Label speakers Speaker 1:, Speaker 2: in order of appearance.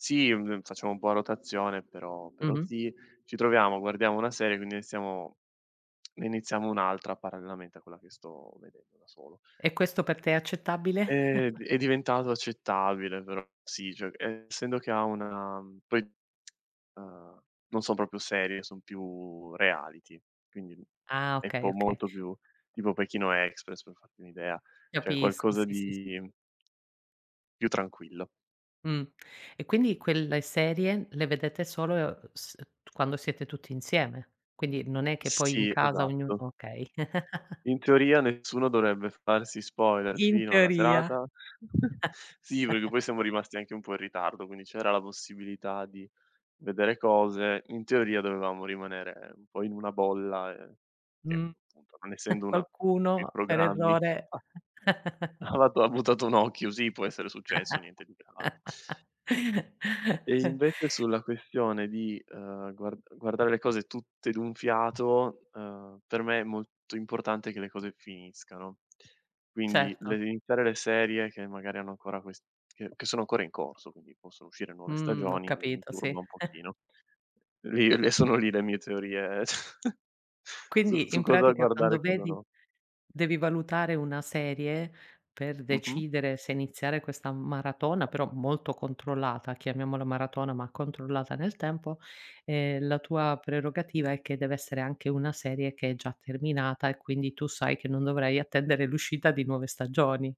Speaker 1: Sì, mhmm, ehm, facciamo un po' a rotazione, però però
Speaker 2: Mh-mh.
Speaker 1: sì. Ci troviamo, guardiamo una serie quindi iniziamo ne iniziamo un'altra parallelamente a quella che sto vedendo da solo.
Speaker 2: E questo per te è accettabile?
Speaker 1: È d è diventato accettabile però sì, cioè essendo che ha una poi, uhm, non son proprio serie, son più reality. Quindi,
Speaker 2: Ah
Speaker 1: è
Speaker 2: okay,
Speaker 1: po
Speaker 2: okay.
Speaker 1: molto più tipo Pechino express per farti un'idea. Cioè
Speaker 2: Capisco
Speaker 1: qualcosa
Speaker 2: sì, sì, s
Speaker 1: di più tranquillo.
Speaker 2: Mh. E quindi quelle serie le vedete solo s quando siete tutti insieme. Quindi non è che poi in
Speaker 1: Sì,
Speaker 2: casa ognuno
Speaker 1: esatto.
Speaker 2: okay.
Speaker 1: In teoria nessuno dovrebbe farsi spoiler
Speaker 2: In
Speaker 1: fino alla
Speaker 2: teoria.
Speaker 1: serata. Sì, perché poi siamo rimasti anche un po' in ritardo, quindi c'era la possibilità di vedere cose. In teoria dovevamo rimanere un po' in una bolla, ehm, che
Speaker 2: Mh.
Speaker 1: appunto, non essendo una che
Speaker 2: Qualcuno per
Speaker 1: programmi
Speaker 2: errore.
Speaker 1: [unintelligible] ha buttato un occhio, sì può essere successo, niente di grave. E invece sulla questione di, ehm, guard guardare le cose tutte d'un fiato, ehm, per me è molto importante che le cose finiscano. Quindi le
Speaker 2: Certo.
Speaker 1: iniziare le serie che magari hanno ancora quest che che sono ancora in corso, quindi possono uscire nuove
Speaker 2: Mhmm, ho
Speaker 1: stagioni m mi
Speaker 2: capito, sì.
Speaker 1: turba un pochino. Lì le sono lì le mie teorie cioè su
Speaker 2: Quindi
Speaker 1: su
Speaker 2: in
Speaker 1: cosa
Speaker 2: pratica
Speaker 1: guardare e
Speaker 2: quando
Speaker 1: cosa
Speaker 2: vedi
Speaker 1: no.
Speaker 2: devi valutare una serie, per
Speaker 1: Mh-mh.
Speaker 2: decidere se iniziare questa maratona, però molto controllata, chiamiamola maratona ma controllata nel tempo, ehm, la tua prerogativa è che deve essere anche una serie che è già terminata e, quindi, tu sai che non dovrai attendere l'uscita di nuove stagioni?